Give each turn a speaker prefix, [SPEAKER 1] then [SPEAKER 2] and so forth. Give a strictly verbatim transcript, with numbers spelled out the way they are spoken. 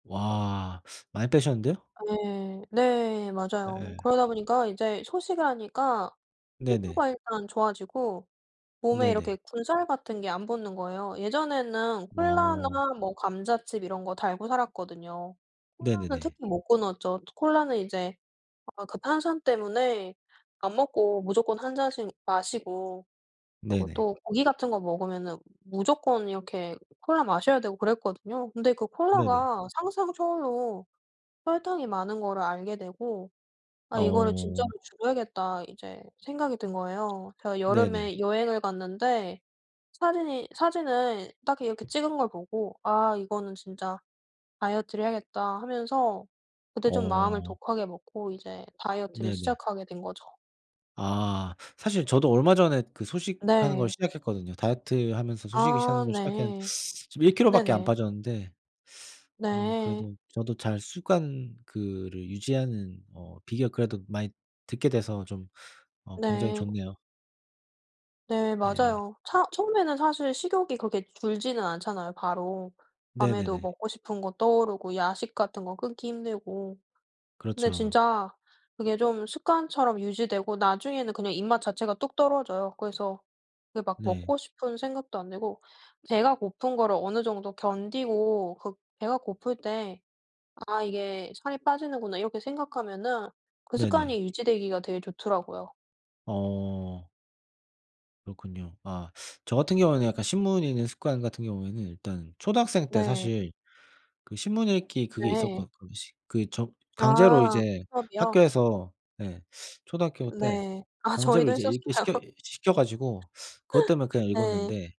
[SPEAKER 1] 와 많이 빼셨는데요.
[SPEAKER 2] 네. 네 맞아요.
[SPEAKER 1] 네.
[SPEAKER 2] 그러다 보니까 이제 소식을 하니까
[SPEAKER 1] 네네.
[SPEAKER 2] 피부가 일단 좋아지고 몸에 이렇게
[SPEAKER 1] 네네.
[SPEAKER 2] 군살 같은 게 안 붙는 거예요. 예전에는
[SPEAKER 1] 어.
[SPEAKER 2] 콜라나 뭐 감자칩 이런 거 달고 살았거든요. 콜라는
[SPEAKER 1] 네네네.
[SPEAKER 2] 특히 못 끊었죠. 또 콜라는 이제 아 그 탄산 때문에 밥 먹고 무조건 한 잔씩 마시고 그리고
[SPEAKER 1] 네네.
[SPEAKER 2] 또 고기 같은 거 먹으면은 무조건 이렇게 콜라 마셔야 되고 그랬거든요. 근데 그
[SPEAKER 1] 네네.
[SPEAKER 2] 콜라가 상상 초월로 설탕이 많은 거를 알게 되고 '아 이거를 진짜로
[SPEAKER 1] 어.
[SPEAKER 2] 줄여야겠다.' 이제 생각이 든 거예요. 제가
[SPEAKER 1] 네네.
[SPEAKER 2] 여름에 여행을 갔는데 사진이 사진을 딱 이렇게 찍은 걸 보고 '아 이거는 진짜 다이어트를 해야겠다.' 하면서 그때 좀 마음을
[SPEAKER 1] 어.
[SPEAKER 2] 독하게 먹고 이제 다이어트를
[SPEAKER 1] 네네.
[SPEAKER 2] 시작하게 된 거죠.
[SPEAKER 1] 아. 사실 저도 얼마 전에 그 소식하는 걸
[SPEAKER 2] 네.
[SPEAKER 1] 시작했거든요. 다이어트하면서 소식을 하는
[SPEAKER 2] 아
[SPEAKER 1] 걸 시작했는데
[SPEAKER 2] 네.
[SPEAKER 1] 지금 일 킬로 밖에 안
[SPEAKER 2] 네네.
[SPEAKER 1] 빠졌는데 어
[SPEAKER 2] 네.
[SPEAKER 1] 그래도 저도 잘 습관 그거를 유지하는 어 비결 그래도 많이 듣게 돼서 좀 어 굉장히
[SPEAKER 2] 네.
[SPEAKER 1] 좋네요.
[SPEAKER 2] 네
[SPEAKER 1] 예.
[SPEAKER 2] 맞아요. 차 처음에는 사실 식욕이 그렇게 줄지는 않잖아요 바로. 밤에도
[SPEAKER 1] 네네네.
[SPEAKER 2] 먹고 싶은 거 떠오르고 야식 같은 거 끊기 힘들고. 근데
[SPEAKER 1] 그렇죠.
[SPEAKER 2] 진짜 그게 좀 습관처럼 유지되고 나중에는 그냥 입맛 자체가 뚝 떨어져요. 그래서 그 막
[SPEAKER 1] 네.
[SPEAKER 2] 먹고 싶은 생각도 안 들고 배가 고픈 거를 어느 정도 견디고 그 배가 고플 때 '아 이게 살이 빠지는구나.' 이렇게 생각하면은 그
[SPEAKER 1] 네네.
[SPEAKER 2] 습관이 유지되기가 되게 좋더라고요.
[SPEAKER 1] 어. 그렇군요. 아 저 같은 경우에는 약간 신문 읽는 습관 같은 경우에는 일단 초등학생 때
[SPEAKER 2] 네.
[SPEAKER 1] 사실 그 신문 읽기 그게
[SPEAKER 2] 네.
[SPEAKER 1] 있었거 거시 그 저 강제로
[SPEAKER 2] 아
[SPEAKER 1] 이제
[SPEAKER 2] 수업이요?
[SPEAKER 1] 학교에서 예 초등학교 때
[SPEAKER 2] 네. 아
[SPEAKER 1] 강제로
[SPEAKER 2] 저희도
[SPEAKER 1] 이제 읽게
[SPEAKER 2] 했었어요.
[SPEAKER 1] 시켜 시켜 가지고 그것 때문에 그냥
[SPEAKER 2] 네.
[SPEAKER 1] 읽었는데